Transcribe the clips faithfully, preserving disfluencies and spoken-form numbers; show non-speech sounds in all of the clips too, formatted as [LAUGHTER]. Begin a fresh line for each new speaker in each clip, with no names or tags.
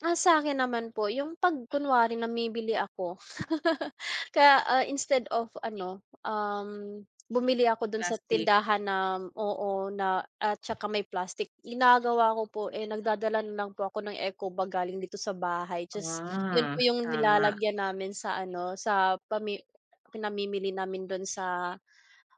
Ah, sa'kin naman po yung 'pag kunwari namimili ako. [LAUGHS] Kaya, ah, instead of ano, um, bumili ako dun sa
Plastic.
tindahan na oo, na at saka may plastic ginagawa ko po, eh, nagdadala na lang po ako ng eco bag galing dito sa bahay ta's 'yun po
Ah,
'yung
tama.
nilalagyan namin sa ano, sa pami pinamimili namin dun sa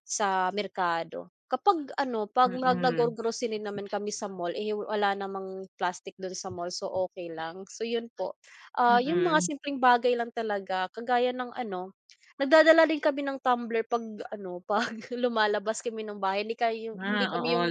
sa merkado. Kapag ano, 'pag mag
Mm.
naggo-grocery naman kami sa mall, eh, wala namang plastic dun sa mall so, okey lang. So 'yun po, ah, 'yung mga
Mm.
simpleng bagay lang talaga kagaya ng ano, nagdadala din kami ng tumbler 'pag ano, 'pag lumalabas kami ng bahay. Kindi kay hindi
Ah,
kami
oo,
'yung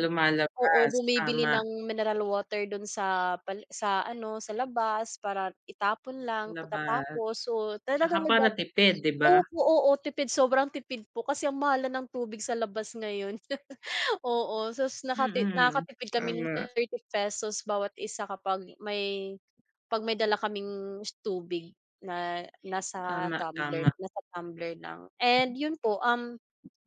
oo,
lumalabas,
bumibili
tama.
ng mineral water dun sa pali sa ano, sa labas para itapon lang
Labas,
pagkatapos. So,
'tsaka
talagang
para
nagdadal
tipid, 'di ba?
opo, oo, tipid sobrang tipid po kasi ang mahal na ng tubig sa labas ngayon. [LAUGHS] Oo, sas nakati
Mm,
nakatipid kami ng
tama.
thirty pesos bawat isa kapag may 'pag may dala kaming s tubig na nasa
Tama,
tumbler,
tama.
nasa tumbler lang. And 'yun po, um,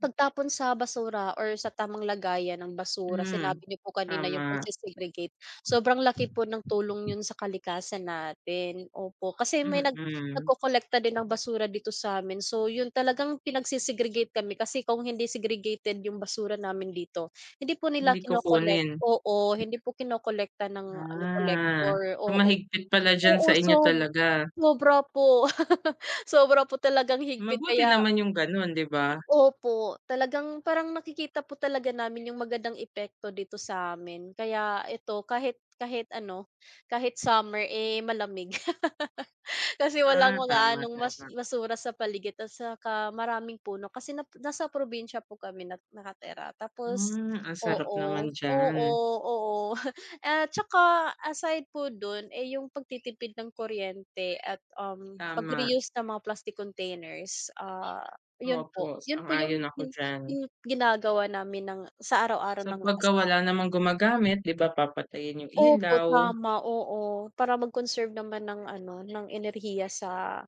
pagtapon sa basura or sa tamang lagayan ng basura
Hmm,
sinabi niyo po kanina yung
tama.
pagse-segregate. Sobrang laki po ng tulong 'yun sa kalikasan natin, opo. Kasi may nag
Mm.
nagkolekta din ng basura dito sa'min so, 'yun talagang pinagse-segregate kami kasi kung hindi segregated 'yung basura namin dito, hindi po nila
Hindi
kino-collect
kukunin.
oo, hindi po kinokolekta ng ano,
Ah.
collector,
So,
oo.
mahigpit pala diyan
Oo,
sa inyo
sob
talaga.
sobra po. [LAUGHS] Sobra po talagang higpit
Mabuti
kaya
naman 'yung ganon, 'di ba?
Opo, talagang parang nakikita po talaga namin 'yung magandang epekto di to sa'min kaya ito kahit kahit ano, kahit summer, eh, malamig. [LAUGHS] Kasi walang
Ah,
mga
tama,
anong mas
tama.
basura sa paligid ta's tsaka maraming puno kasi nasa probinsya po kami na nakatira. Tapos
Hmm, ang sarap
oo,
naman
oo,
diyan.
oo. [CHUCKLES] At tsaka aside po dun, eh, 'yung pagtitipid ng kuryente at, um,
Tama.
pagre-use ng mga plastic containers, ah, 'yun po,
Opo,
'yun po 'yung
sang-ayon ako diyan.
'yung ginagawa namin ng sa araw-araw
So,
ng
pagka
asawa
wala
ko.
namang gumagamit, di ba, papatayin yung
Opo,
ilaw.
tama, oo. Para mag-conserve naman ng ano, ng enerhiya sa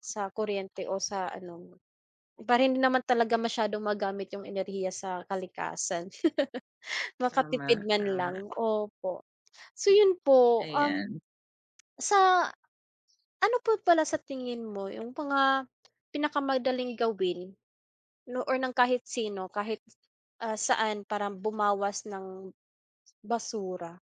sa kuryente o sa ano, para hindi naman talaga masyadong magamit yung enerhiya sa kalikasan. [LAUGHS] Makatipid
Tama,
man lang
tama.
opo. So, 'yun po, um,
Ayan.
sa ano po pala sa tingin mo 'yung mga pinakamadaling gawin nu or ng kahit sino, kahit, ah, saan, parang bumawas ng basura?